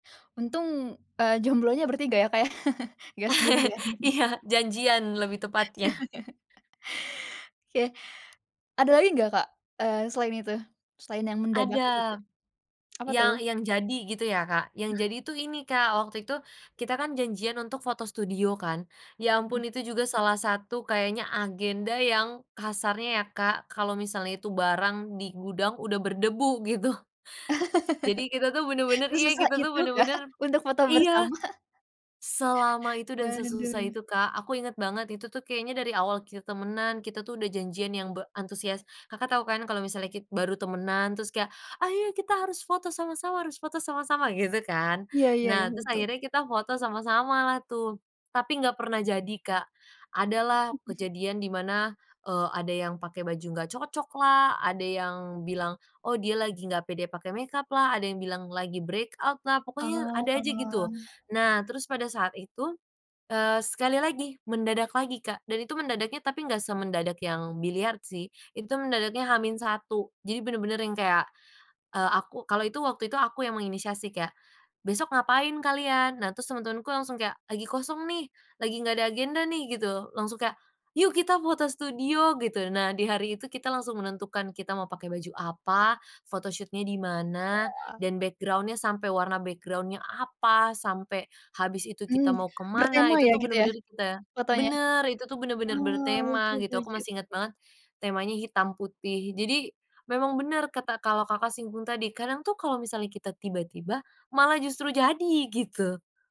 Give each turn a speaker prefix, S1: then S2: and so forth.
S1: Untung, eee, jomblonya bertiga, ya, Kak, ya. Enggak sendirian.
S2: Iya, janjian lebih tepatnya.
S1: Oke. Ada lagi enggak, Kak, eee, selain itu? Selain yang mendadak itu,
S2: Ada.
S1: tuh. Apa,
S2: Yang
S1: tuh?
S2: yang jadi, gitu ya, Kak. Yang
S1: Heeh.
S2: jadi itu, ini, Kak. Waktu itu, kita kan janjian untuk foto studio, kan. Ya
S1: Mhm.
S2: ampun itu juga salah satu kayaknya agenda, yang kasarnya, ya, Kak, kalau misalnya itu barang di gudang, udah berdebu, gitu. Jadi, kita tuh benar-benar, iya,
S1: Sesusah
S2: kita tuh
S1: itu kah
S2: benar-benar
S1: untuk foto
S2: Iya.
S1: bersama?
S2: Selama itu dan sesusah
S1: Waduh.
S2: itu, Kak. Aku ingat banget itu tuh kayaknya dari awal kita temanan, kita tuh udah janjian yang be antusias. Kakak tahu, kan, kalau misalnya ki baru temanan, terus kayak, "Ayo, kita harus foto sama-sama harus foto sama-sama" gitu, kan.
S1: Iya iya iya,
S2: Nah, terus
S1: betul.
S2: akhirnya kita foto sama-samalah tuh, tapi enggak pernah jadi, Kak. Ada lah kejadian di mana, eee, ada yang pakai baju enggak cocoklah, ada yang bilang, oh, dia lagi enggak pede pakai makeuplah, ada yang bilang lagi breakout-lah, pokoknya
S1: Oh.
S2: ada aja, gitu. Nah, terus pada saat itu, eee, sekali lagi, mendadak lagi, Kak, dan itu mendadaknya, tapi enggak semendadak yang biliard, sih. Itu mendadaknya H-1, jadi bener-bener yang kayak, eee, aku, kalau itu waktu itu aku yang menginisiasi kayak, "Besok ngapain kalian?" Nah, terus teman-temanku langsung kayak, "Lagi kosong, nih, lagi enggak ada agenda, nih" gitu. Langsung kayak, "yuk, kita foto studio" Gitu. Nah, di hari itu kita langsung menentukan kita mau pakai baju apa, photoshoot-nya di mana
S1: Wah.
S2: dan background-nya sampai warna background-nya apa, sampai habis itu, kita
S1: Mmm,
S2: mau ke mana,
S1: bertema,
S2: itu
S1: ya,
S2: tuh
S1: gitu, ya,
S2: benar-benar kita
S1: fotonya?
S2: benar, itu tuh benar-benar
S1: Oh, lucu
S2: bertema,
S1: lucu
S2: gitu. Aku
S1: lucu.
S2: masih ingat banget, temanya hitam putih jadi, memang benar kata, kalau Kakak simpulin tadi, kadang tuh kalau misalnya kita tiba-tiba, malah justru jadi, gitu.